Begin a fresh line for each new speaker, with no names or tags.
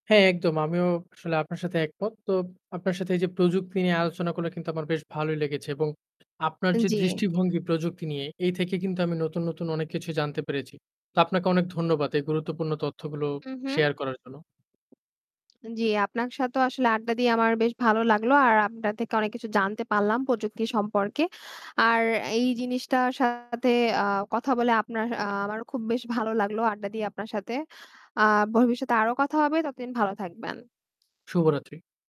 হ্যাঁ, একদম। আমিও আসলে আপনার সাথে একমত। তো আপনার সাথে এই যে প্রযুক্তি নিয়ে আলোচনাগুলা কিন্তু আমার বেশ ভালোই লেগেছে এবং আপনার
আ
যে
জি।
দৃষ্টিভঙ্গি প্রযুক্তি নিয়ে এই থেকে কিন্তু আমি নতুন, নতুন অনেক কিছু জানতে পেরেছি। তো আপনাকে অনেক ধন্যবাদ এই গুরুত্বপূর্ণ তথ্যগুলো
উম হুম।
শেয়ার করার জন্য।
আ জি, আপনার সাথেও আসলে আড্ডা দিয়ে আমার বেশ ভালো লাগলো। আর আপনার থেকে অনেক কিছু জানতে পারলাম প্রযুক্তি সম্পর্কে। আর এই জিনিসটার সাথে, আ কথা বলে আপনার, আ আমারও খুব বেশ ভালো লাগলো আড্ডা দিয়ে আপনার সাথে। আ ভবিষ্যতে আরও কথা হবে, ততদিন ভালো থাকবেন।
শুভরাত্রি।